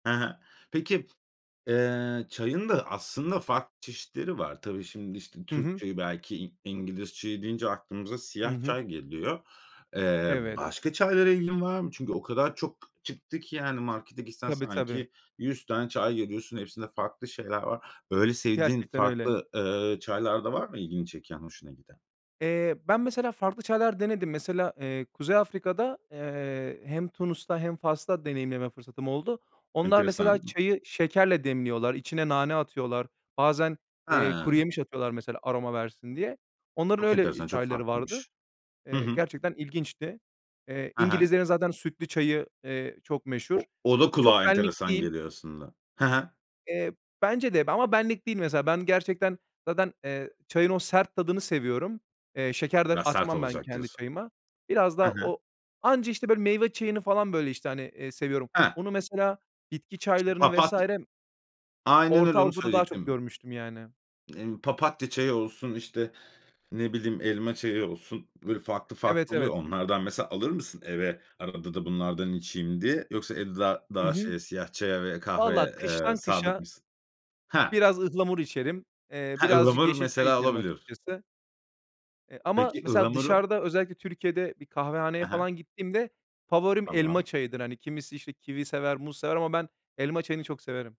Hı hı. Peki, eee, çayın da aslında farklı çeşitleri var. Tabii şimdi, işte, Hı Türk hı. çayı, belki İ İngiliz çayı deyince aklımıza Hı siyah hı. çay geliyor. Eee, Evet. başka çaylara ilgin var mı? Çünkü o kadar çok çıktı ki, yani markete gitsen Tabii, tabii. sanki 100 tane çay görüyorsun, hepsinde farklı şeyler var. Böyle, sevdiğin Gerçekten öyle. farklı, eee, çaylar da var mı; ilgini çeken, hoşuna giden? Eee, ben mesela, farklı çaylar denedim. Mesela, eee, Kuzey Afrika'da, eee, hem Tunus'ta hem Fas'ta deneyimleme fırsatım oldu. Onlar mesela Enteresan. çayı şekerle demliyorlar, içine nane atıyorlar. Bazen, eee, Ha! kuruyemiş atıyorlar mesela aroma versin diye. Onların Çok öyle, eee, enteresan. Çok çayları vardı. farklıymış. Hı Eee, hı. gerçekten ilginçti. Eee, Hı hı. İngilizlerin zaten sütlü çayı, eee, çok meşhur. O o Eee, da çok kulağa benlik enteresan değil. geliyor aslında, hı hı. Eee, bence de ama benlik değil mesela. Ben gerçekten zaten, eee, çayın o sert tadını seviyorum. Eee, şeker de Biraz sert atmam ben olacak kendi diyorsun, çayıma. Biraz hı da hı. o anca, işte, böyle meyve çayını falan böyle, işte, hani, eee, seviyorum. Hı. Onu, mesela bitki Şimdi çaylarını papat vs. Aynen öyle, Orta onu Avrupa'da daha çok söyleyecektim. görmüştüm yani. Emm, papatya çayı olsun, işte, ne bileyim, elma çayı olsun, böyle, farklı Evet, farklı oluyor evet. ya. Onlardan mesela alır mısın eve, arada da bunlardan içeyim diye? Yoksa evde daha Hı daha hı, şeye, siyah çaya ve valla kahveye, eee, kıştan sadık kışa mısın? Hah! biraz ıhlamur içerim. Eee, Ha, birazcık ıhlamur yeşil çay mesela içerim alabiliyorsun. açıkçası. Eee, ama Peki, mesela ıhlamuru dışarıda, özellikle Türkiye'de bir kahvehaneye Hı hı. falan gittiğimde favorim elma Tamam. çayıdır. Hani, kimisi, işte, kivi sever, muz sever ama ben elma çayını çok severim.